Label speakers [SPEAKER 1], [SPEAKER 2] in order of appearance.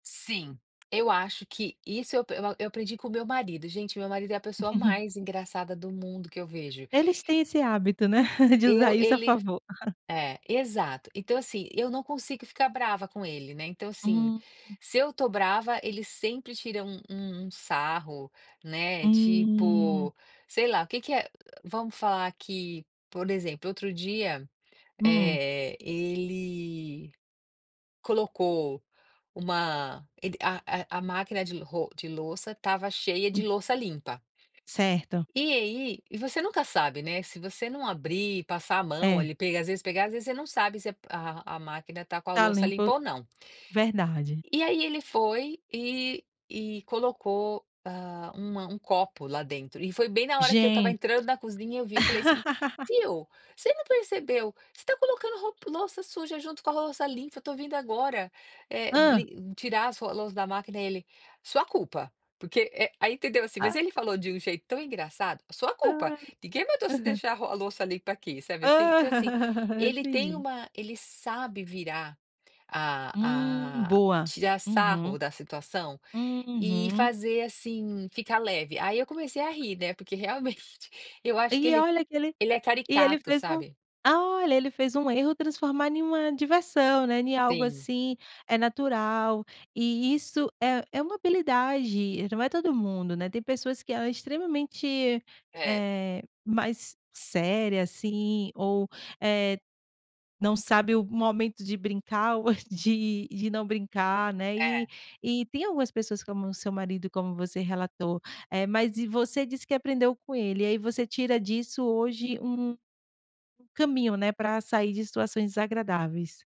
[SPEAKER 1] Sim. Eu acho que isso eu eu eu aprendi com o meu marido, gente meu marido é a pessoa mais engraçada do mundo que eu vejo.
[SPEAKER 2] Eles têm esse hábito, né, de usar
[SPEAKER 1] Eu
[SPEAKER 2] isso a
[SPEAKER 1] ele
[SPEAKER 2] favor.
[SPEAKER 1] é, exato, então assim, eu não consigo ficar brava com ele, né, então assim,
[SPEAKER 2] Hum.
[SPEAKER 1] se eu estou brava, ele sempre tira um um sarro, né,
[SPEAKER 2] Hum.
[SPEAKER 1] tipo, sei lá, o que que é vamos falar que, por exemplo, outro dia,
[SPEAKER 2] Hum.
[SPEAKER 1] eh, ele colocou uma ele a a máquina de ro de louça estava cheia de
[SPEAKER 2] Hum.
[SPEAKER 1] louça limpa.
[SPEAKER 2] Certo.
[SPEAKER 1] E aí e você nunca sabe, né, se você não abrir, passar a mão
[SPEAKER 2] É.
[SPEAKER 1] ali, às vezes pegar às vezes você não sabe se a máquina tá com a
[SPEAKER 2] Tá
[SPEAKER 1] louça
[SPEAKER 2] limpo,
[SPEAKER 1] limpa ou não.
[SPEAKER 2] verdade.
[SPEAKER 1] E aí ele foi e e colocou, hã, um um copo lá dentro, e foi bem na hora que eu estava
[SPEAKER 2] Gente.
[SPEAKER 1] entrando na cozinha eu vi e falei assim: "Viu, você não percebeu, você está colocando ro louça suja junto com a louça limpa, eu estou vindo agora, eh,
[SPEAKER 2] Hã.
[SPEAKER 1] li tirar as ro as louça da máquina", ele: "Sua culpa, porque", eh, aí entendeu assim, mas
[SPEAKER 2] Ah.
[SPEAKER 1] ele falou de um jeito tão engraçado: "A sua culpa,
[SPEAKER 2] Hã.
[SPEAKER 1] ninguém voltou a se
[SPEAKER 2] Aham.
[SPEAKER 1] deixar a ro a louça limpa aqui". Sabe assim? Então assim,
[SPEAKER 2] Hã.
[SPEAKER 1] ele tem
[SPEAKER 2] Entendi.
[SPEAKER 1] uma ele sabe virar
[SPEAKER 2] Hum
[SPEAKER 1] a a
[SPEAKER 2] boa.
[SPEAKER 1] tirar
[SPEAKER 2] Uhum.
[SPEAKER 1] sarro da situação, e
[SPEAKER 2] Uhum.
[SPEAKER 1] fazer assim ficar leve, aí eu comecei a rir, né, porque realmente, eu acho que
[SPEAKER 2] E
[SPEAKER 1] ele
[SPEAKER 2] olha que ele
[SPEAKER 1] ele é
[SPEAKER 2] e ele
[SPEAKER 1] caricato,
[SPEAKER 2] fez um
[SPEAKER 1] sabe?
[SPEAKER 2] olha, ele fez um erro transformar em uma diversão, né, em algo
[SPEAKER 1] Sim.
[SPEAKER 2] assim, eh, natural, e isso é é uma habilidade, não é todo mundo, né, tem pessoas que ela é extremamente,
[SPEAKER 1] É.
[SPEAKER 2] eh, mais séria assim ou, eh, não sabe o momento de brincar ou de de não brincar, né, e
[SPEAKER 1] É.
[SPEAKER 2] e tem algumas pessoas como o seu marido como você relatou. Eh, mas você disse que aprendeu com ele, e aí você tira disso hoje um um caminho, né, para sair de situações desagradáveis.